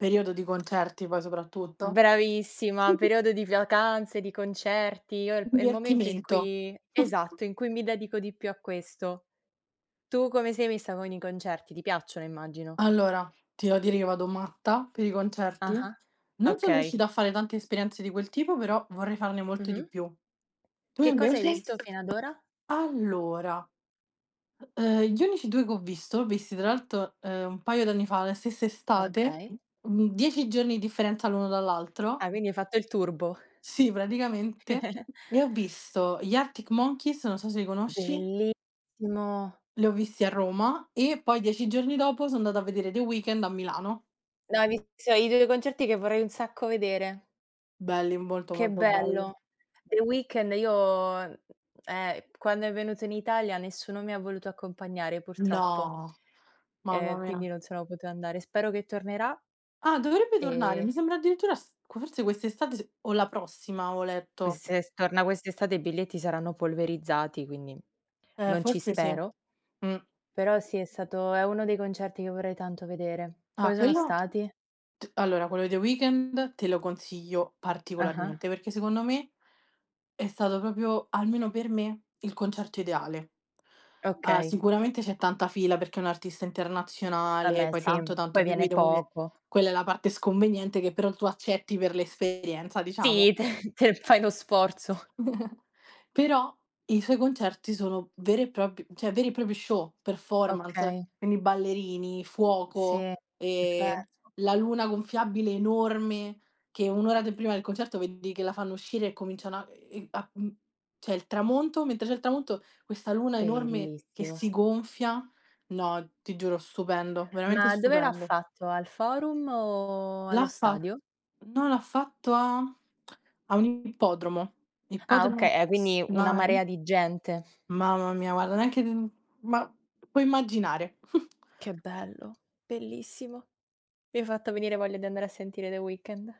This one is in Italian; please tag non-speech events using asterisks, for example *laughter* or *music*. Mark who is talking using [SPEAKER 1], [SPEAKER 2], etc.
[SPEAKER 1] Periodo di concerti poi soprattutto.
[SPEAKER 2] Bravissima, periodo di vacanze, di concerti, io è il p è il momento in
[SPEAKER 1] Divertimento.
[SPEAKER 2] cui
[SPEAKER 1] *chuckles*
[SPEAKER 2] esatto, in cui mi dedico di più a questo. Tu come sei messa con i concerti? Ti piacciono, immagino.
[SPEAKER 1] Allora, ti devo dire che io vado matta per i concerti.
[SPEAKER 2] Ah-ah,
[SPEAKER 1] Non sono
[SPEAKER 2] okay.
[SPEAKER 1] riuscita a fare tante esperienze di quel tipo, però vorrei farne molte di
[SPEAKER 2] Mh-mh.
[SPEAKER 1] più. Tu
[SPEAKER 2] Che cosa hai
[SPEAKER 1] invece?
[SPEAKER 2] visto fino ad ora?
[SPEAKER 1] Allora, uhm, gli unici 2 che ho visto, visti tra l'alto, uhm, un paio d'anni fa, la stessa estate,
[SPEAKER 2] Okay.
[SPEAKER 1] mhmm, 10 giorni di differenza l'uno dall'altro
[SPEAKER 2] Ah, quindi hai fatto il turbo.
[SPEAKER 1] Sì praticamente,
[SPEAKER 2] *giggles*
[SPEAKER 1] e ho visto gli Arctic Monkeys, non so se li conosci
[SPEAKER 2] Bellissimo.
[SPEAKER 1] li ho visti a Roma, e poi 10 giorni dopo so' andata a vedere The Weekend a Milano.
[SPEAKER 2] No, hai visto i 2 concerti che vorrei un sacco vedere.
[SPEAKER 1] Belli, molto,
[SPEAKER 2] Che
[SPEAKER 1] molto belli.
[SPEAKER 2] bello. The Weekend io mhmm, eh, quando è venuto in Italia nessuno mi ha voluto accompagnare purtroppo,
[SPEAKER 1] No! Mamma
[SPEAKER 2] ehm, quindi
[SPEAKER 1] mia.
[SPEAKER 2] non sono potuta andare. Spero che tornerà
[SPEAKER 1] Ah, dovrebbe tornare,
[SPEAKER 2] e
[SPEAKER 1] mi sembra addirittura s q forse quest'estate s o la prossima avevo letto.
[SPEAKER 2] Quest'e se torna quest'estate i biglietti saranno polverizzati, quindi
[SPEAKER 1] Eh,
[SPEAKER 2] non ci
[SPEAKER 1] forse sì.
[SPEAKER 2] spero.
[SPEAKER 1] Mh.
[SPEAKER 2] Però sì, è stato è uno dei concerti che vorrei tanto vedere.
[SPEAKER 1] Ah,
[SPEAKER 2] Come sono
[SPEAKER 1] quello
[SPEAKER 2] stati?
[SPEAKER 1] t allora, quello di The Weekend te lo consiglio
[SPEAKER 2] Ah-ah.
[SPEAKER 1] particolarmente, perché secondo me è stato proprio, almeno per me, il concerto ideale. Ah,
[SPEAKER 2] Okay.
[SPEAKER 1] sicuramente c'è tanta fila perché è un'artista internazionale,
[SPEAKER 2] Vabbè
[SPEAKER 1] poi
[SPEAKER 2] sì,
[SPEAKER 1] tanto, tanto
[SPEAKER 2] poi viene
[SPEAKER 1] *unintelligible*
[SPEAKER 2] poco.
[SPEAKER 1] quella è la parte sconveniente, che però tu accetti per l'esperienza, diciamo.
[SPEAKER 2] Sì, te te fai lo sforzo.
[SPEAKER 1] *giggles* Però i suoi concerti sono veri e prop cioè, veri e propri show, performance,
[SPEAKER 2] Okay.
[SPEAKER 1] quindi ballerini, fuoco,
[SPEAKER 2] Sì,
[SPEAKER 1] e
[SPEAKER 2] *unintelligible*
[SPEAKER 1] la luna gonfiabile enorme, che 1 ora de prima del concerto vedi che la fanno uscire e cominciano a ehm, a mhmm, c'è il tramonto mentre c'è il tramonto, questa luna enorme che
[SPEAKER 2] Bellissimo.
[SPEAKER 1] si gonfia, no, ti giuro stupendo. Veramente
[SPEAKER 2] Ma dove l'ha
[SPEAKER 1] stupendo.
[SPEAKER 2] fatto? Al forum o
[SPEAKER 1] L'ha
[SPEAKER 2] allo
[SPEAKER 1] fa
[SPEAKER 2] stadio?
[SPEAKER 1] no, l'ha fatto a *tsk* a un ippodromo.
[SPEAKER 2] Ah oka
[SPEAKER 1] Ippodromo
[SPEAKER 2] eh, quindi una
[SPEAKER 1] Snai.
[SPEAKER 2] marea di gente.
[SPEAKER 1] Mamma mia, guarda, neanche mhmm, ma puoi immaginare.
[SPEAKER 2] Che
[SPEAKER 1] *chuckles*
[SPEAKER 2] bello, bellissimo. Mi hai fatto venire voglia di andare a sentire The Weekend.